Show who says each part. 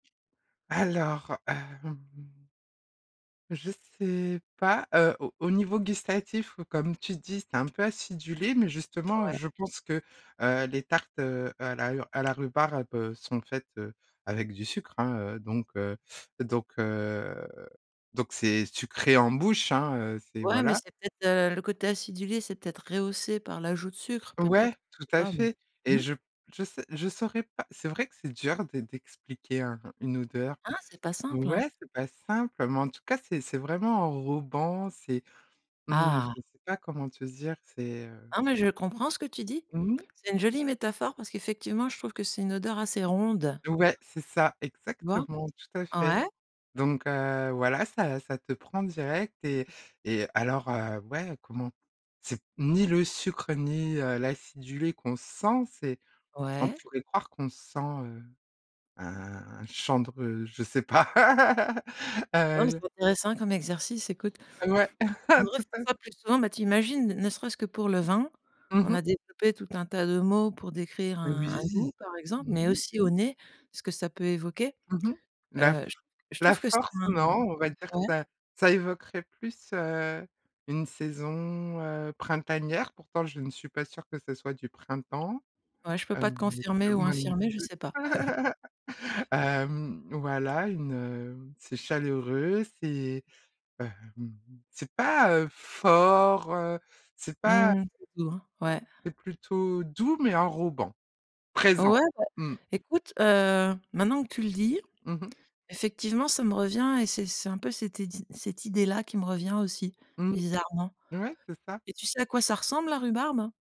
Speaker 1: Alors, hem je sais pas, heu, au au niveau gustatif comme tu dis, c'est un peu acidulé, mais justement
Speaker 2: Ouais.
Speaker 1: je pense que, heu, les tartes, heu, à la ur à la rhubarbe sont faites, heu, avec du sucre hein, heu, donc heu donc heu, donc c'est sucré en bouche hein, heu, c'est
Speaker 2: Ouais, mais
Speaker 1: voilà.
Speaker 2: c'est peut-être, heu, le côté acidulé, c'est peut-être rehaussé par l'ajout de sucre,
Speaker 1: Ouais,
Speaker 2: peut-être?
Speaker 1: tout
Speaker 2: Je sais
Speaker 1: à
Speaker 2: pas, mais
Speaker 1: fait et
Speaker 2: mmh.
Speaker 1: je p je sais je saurais pas, c'est vrai que c'est dur d'e d'expliquer un une odeur.
Speaker 2: Hein, c'est pas simple, hein?
Speaker 1: Ouais, c'est pas simple, mais en tout cas, c'est c'est vraiment enrobant. C'est, mmh,
Speaker 2: Ah!
Speaker 1: je sais pas comment te dire, c'est, heu
Speaker 2: Non, mais je comprends ce que tu dis.
Speaker 1: Mmh.
Speaker 2: C'est une jolie métaphore, parce qu'effectivement, je trouve que c'est une odeur assez ronde.
Speaker 1: Ouais c'est ça,
Speaker 2: Tu vois?
Speaker 1: exactement, tout à fait,
Speaker 2: Ouais.
Speaker 1: donc heu, voilà, ça ça te prend direct et et alors, heu, ouais comment. C'est ni le sucre, ni, heu, l'acidulé qu'on sent c'est on
Speaker 2: Ouais.
Speaker 1: pourrait croire qu'on sent, heu, un chandre, heu, je sais pas,
Speaker 2: Non, mais
Speaker 1: heu
Speaker 2: c'est intéressant comme exercice, écoute.
Speaker 1: Ouais,
Speaker 2: On devrait
Speaker 1: tout
Speaker 2: faire
Speaker 1: à f
Speaker 2: ça plus souvent, mais tu imagines ne serait-ce que pour le vin,
Speaker 1: Mmh
Speaker 2: on a
Speaker 1: mh.
Speaker 2: développé tout un tas de mots pour décrire
Speaker 1: Mais
Speaker 2: un un
Speaker 1: oui.
Speaker 2: goût par exemple,
Speaker 1: Mmh
Speaker 2: mais
Speaker 1: mh.
Speaker 2: aussi au nez, ce que ça peut évoquer,
Speaker 1: Mmh mh. La f
Speaker 2: heu, j je
Speaker 1: la
Speaker 2: trouve que c'est
Speaker 1: force?
Speaker 2: un
Speaker 1: Non, on va dire que
Speaker 2: ouais.
Speaker 1: ça ça évoquerait plus, heu, une saison, heu, printanière, pourtant je ne suis pas sûre que ce soit du printemps,
Speaker 2: Ouais, je peux
Speaker 1: heu,
Speaker 2: pas te confirmer ou
Speaker 1: ou même
Speaker 2: infirmer, je sais
Speaker 1: tu
Speaker 2: pas.
Speaker 1: hem, voilà, une, heu, c'est chaleureux, c'est, hem, c'est pas, heu, fort, heu, c'est
Speaker 2: Mmh
Speaker 1: pas
Speaker 2: mh, c'est doux, ouais.
Speaker 1: C'est plutôt doux, mais enrobant, présent.
Speaker 2: Ouais bah,
Speaker 1: Mmh.
Speaker 2: écoute, heu, maintenant que tu le dis,
Speaker 1: Mmh mh.
Speaker 2: effectivement ça me revient et c'est c'est un peu cette idée cette idée là qui me revient aussi,
Speaker 1: Mmh.
Speaker 2: bizarrement,
Speaker 1: Ouais, c'est ça.
Speaker 2: et tu sais à quoi ça ressemble la rhubarbe?